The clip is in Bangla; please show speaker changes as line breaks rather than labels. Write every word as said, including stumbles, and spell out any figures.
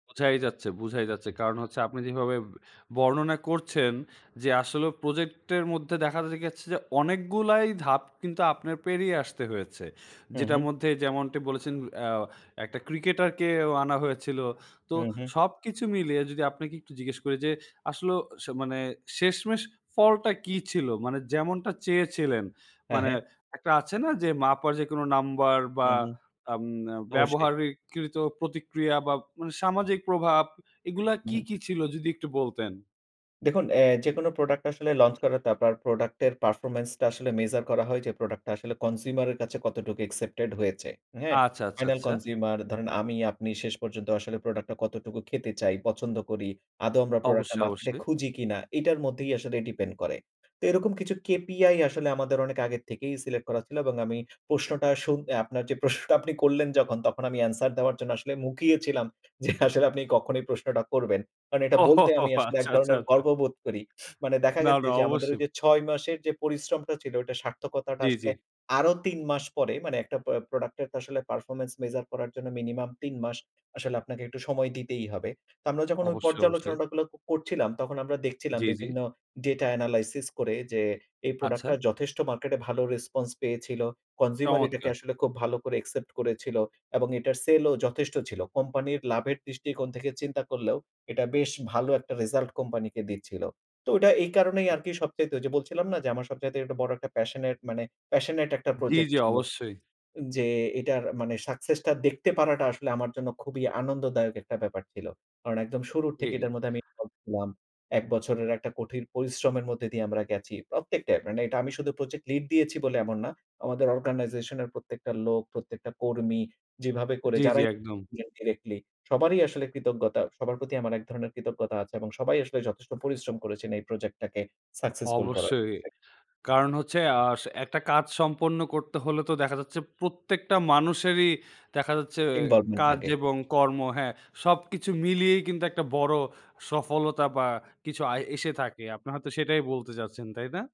বোঝাই যাচ্ছে, বোঝাই যাচ্ছে। কারণ হচ্ছে আপনি যেভাবে বর্ণনা করছেন যে আসলে প্রজেক্ট এর মধ্যে দেখা যাচ্ছে যে, অনেকগুলাই ধাপ কিন্তু আপনার পেরিয়ে আসতে হয়েছে।
হুম,
যেটার
হুম।
মধ্যে যেমনটি বলেছেন অ্যা এক টা ক্রিকেটারকে ও আনা হয়েছিল। তো
হুম, হুম।
সবকিছু মিলিয়ে যদি আপনাকে একটু জিজ্ঞেস করি যে আসলে মানে শেষমেষ ফলটা কি ছিল? মানে যেমনটা চেয়েছিলেন,
হ্যাঁ,
মানে
হ্যাঁ।
একটা আছে না যে মাপার যেকোন নাম্বার বা
হুম, হুম,
উম
অবশ্যই।
ব্যবহারকৃত প্রতিক্রিয়া বা সামাজিক প্রভাব এগুলা কি,
হুম।
কি ছিল যদি একটু বলতেন?
দেখুন অ্যা যেকোনো প্রোডাক্ট আসলে লঞ্চ করা, তারপর প্রোডাক্টের পারফরম্যান্স টা আসলে মেজার করা হয় যে, প্রোডাক্ট টা আসলে কনসিউমার এর কাছে কতটুকু অ্যাকসেপ্টেড হয়েছে। হ্যাঁ,
আচ্ছা, আচ্ছা,
ফাইনাল
আচ্ছা।
কনসিউমার ধরেন আমি আপনি শেষ পর্যন্ত আসলে প্রোডাক্ট টা কতটুকু খেতে চাই, পছন্দ করি, আদও আমরা প্রোডাক্ট টা
অবশ্যই,
মার্কেটে
অবশ্যই।
খুঁজি কিনা এটার মধ্যেই আসলে ডিপেন্ড করে। তো এরকম কিছু কেপিআই আসলে আমাদের অনেক আগের থেকেই সিলেক্ট করা ছিল এবং আমি প্রশ্নটা শুনে আপনার যে প্রশ্নটা আপনি করলেন যখন তখন আমি এনসার দেওয়ার জন্য আসলে মুখিয়ে ছিলাম যে আসলে আপনি কখনোই প্রশ্নটা করবেন। কারণ এটা
ও! হো,
বলতে
হো,
আমি
হো,
আসলে এক
আচ্ছা, আচ্ছা,
ধরনের
আচ্ছা।
গর্ববোধ করি। মানে দেখা
না,
গেছে
না,
যে আমাদের ওই
অবশ্যই।
যে ছয় মাসের যে পরিশ্রমটা ছিল ওইটার সার্থকতাটা
জ্বী, জ্বী।
আসলে আরো তিন মাস পরে মানে একটা প প্রোডাক্ট এর তো আসলে পারফরম্যান্স মেজার করার জন্য মিনিমাম তিন মাস আসলে আপনাকে একটু সময় দিতেই হবে। তো আমরা যখন ওই
অবশ্যই, অবশ্যই।
পর্যালোচনাটা গুলো করছিলাম তখন আমরা দেখছিলাম
জ্বী, জ্বী।
বিভিন্ন ডেটা এনালাইসিস করে যে, এই প্রোডাক্ট
আচ্ছা।
টা যথেষ্ট মার্কেটে ভালো রেসপন্স পেয়েছিল। কনসিউমার এটাকে
চমৎকার।
আসলে খুব ভালো করে অ্যাকসেপ্ট করেছিল। এবং এটার সেলও যথেষ্ট ছিল। কোম্পানির লাভের দৃষ্টিকোণ থেকে চিন্তা করলেও এটা বেশ ভালো একটা রেসাল্ট কোম্পানিকে দিচ্ছিল। তো ওইটা এই কারণেই আরকি সবচাইতে ওই যে বলছিলাম না যে, আমার সবচাইতে বড় একটা প্যাশনেট মানে প্যাশনেট একটা
জ্বী,
প্রজেক্ট
জ্বী,
ছিল।
অবশ্যই।
যে এটার মানে সাকসেস টা দেখতে পারাটা আসলে আমার জন্য খুবই আনন্দদায়ক একটা ব্যাপার ছিল। কারণ একদম শুরুর থেকে
জ্বী।
এটার মধ্যে আমি ইনভল্ভ ছিলাম। এক বছরের একটা কঠিন পরিশ্রমের মধ্যে দিয়ে আমরা গেছি। প্রত্যেকটাই, মানে এটা আমি শুধু প্রজেক্ট লিড দিয়েছি বলে এমন না। আমাদের অর্গানাইজেশন এর প্রত্যেকটা লোক, প্রত্যেকটা কর্মী যেভাবে করে
জ্বী, জ্বী,
যারাই
একদম।
ডিরেক্টলি সবারই আসলে কৃতজ্ঞতা সবার প্রতি আমার এক ধরনের কৃতজ্ঞতা আছে এবং সবাই আসলে যথেষ্ট পরিশ্রম করেছেন এই প্রজেক্ট টাকে সাকসেসফুল করার
অবশ্যই।
ক্ষেত্রে।
কারণ হচ্ছে অ্যা একটা কাজ সম্পন্ন করতে হলে তো দেখা যাচ্ছে প্রত্যেকটা মানুষেরই দেখা যাচ্ছে, এ
ইনভলভমেন্ট
কাজ
লাগে।
এবং কর্ম হ্যাঁ, সবকিছু মিলিয়েই কিন্তু একটা বড় সফলতা বা কিছু আয় এসে থাকে। আপনি হয়তো সেটাই বলতে চাচ্ছেন, তাই না?